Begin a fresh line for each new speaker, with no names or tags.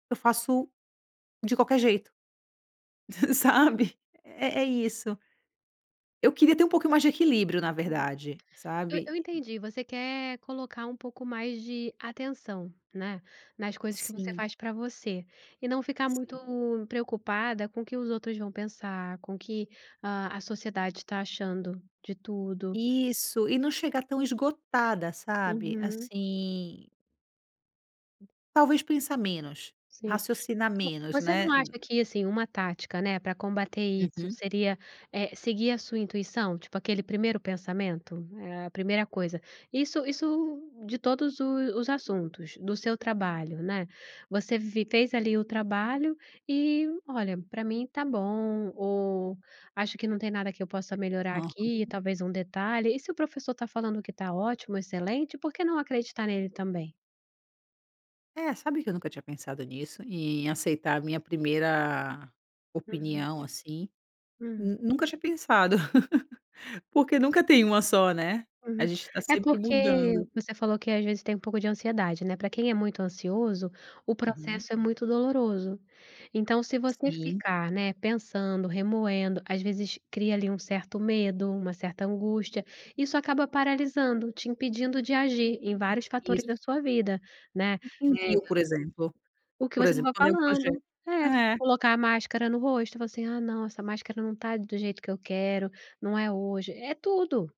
Eu faço de qualquer jeito, sabe, é é isso. Eu queria ter um pouquinho mais de equilíbrio na
Uhum,
verdade,
eu eu
sabe.
entendi, você quer colocar um pouco mais de atenção, né, nas coisas que você
Sim.
faz pra você, e não ficar muito
Sim.
preocupada com o que os outros vão pensar, com o que a a sociedade está achando de tudo.
Isso, e não chegar tão esgotada sabe,
Uhum.
assim Talvez pensar menos,
Sim.
raciocinar
Vo
menos
você não
né, uno.
acha que assim, uma tática, né, pra combater isso
Uhum.
seria, eh, seguir a sua intuição? Tipo aquele primeiro pensamento? A primeira coisa. Isso isso de todos os os assuntos, do seu trabalho, né, você vi fez ali o trabalho e olha, pra mim está bom ou acho que não tem nada que eu possa melhorar
Oh,
aqui,
aham.
talvez um detalhe, e se o professor está falando que está ótimo, excelente, por que não acreditar nele também?
É, sabe, que eu nunca tinha pensado nisso, em aceitar a minha primeira
Uhum.
opinião assim,
Uhum.
nu nunca tinha pensado, porque nunca tem uma só, né, a
Uhum,
gente está
é
sempre
porque,
mudando.
você falou que às vezes tem um pouco de ansiedade, né, pra quem é muito ansioso, o
Uhum.
processo é muito doloroso. Então se você
Sim.
ficar, né, pensando, remoendo, às vezes cria ali um certo medo, uma certa angústia, isso acaba paralisando, te impedindo de agir em vários fatores
Isso.
da sua vida, né,
Um
é
rio por exemplo
O que
por
você
exemplo.
estava
quando é um projeto,
falando, é,
é.
colocar a máscara no rosto e falar assim, ah não, essa máscara não está do jeito que eu quero, não é hoje, é tudo.